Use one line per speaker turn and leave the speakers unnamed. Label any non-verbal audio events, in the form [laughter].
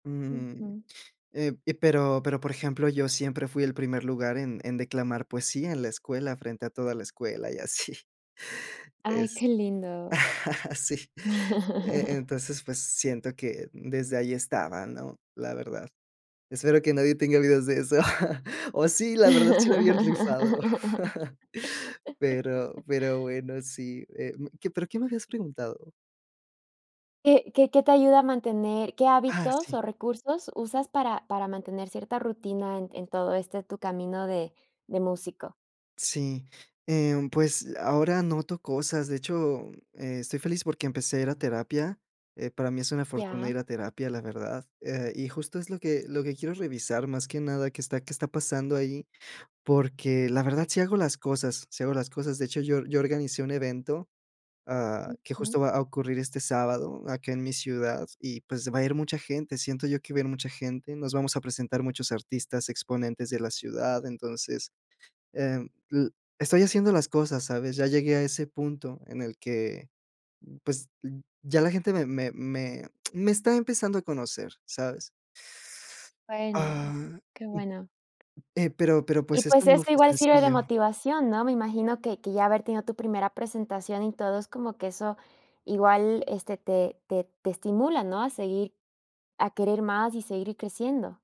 Mm,
Ujú.
eh, pero pero por ejemplo, yo siempre fui el primer lugar en en declamar poesía en la escuela, frente a toda la escuela y así.
Ay,
Es
qué lindo.
[chuckles] sí,
[chuckles]
e-entonces, pues siento que desde ahí estaba, ¿no?, la verdad. Espero que nadie tenga videos de eso [chuckles] o sí, la verdad sí era bien rifado, [chuckles] pero
[laughs]
pero bueno, sí, eh, mm ¿qué pero qué me habías preguntado?
¿Qué qué qué te ayuda a mantener qué
Ah,
hábitos
sí.
o recursos usas para para mantener cierta rutina en en todo este tu camino de de músico?
Sí, eh, pues ahora noto cosas, de hecho, estoy feliz porque empecé a ir a terapia, eh, para mí es una fortuna
Ya.
ir a terapia, la verdad, eh, y justo es lo que lo que quiero revisar más que nada, qué está qué está pasando ahí, porque la verdad sí hago las cosas sí hago las cosas, de hecho, yo yo organicé un evento, ah, que
Ujú.
justo va a ocurrir este sábado acá en mi ciudad y pues va a ir mucha gente, siento yo que va a ir mucha gente, nos vamos a presentar muchos artistas exponentes de la ciudad, entonces, eh, l estoy haciendo las cosas, ¿sabes?, ya llegué a ese punto en el que, pues ya la gente me me me me está empezando a conocer, ¿sabes?
Bueno,
Ah,
qué bueno.
eh, pero pero
Y
pues
pues
esto
eso
no fue
igual sirve de
sencillo
motivación, ¿no?, me imagino que que ya haber tenido tu primera presentación y todo es como que eso igual, este, te te te estimula, ¿no?, a seguir a querer más y seguir creciendo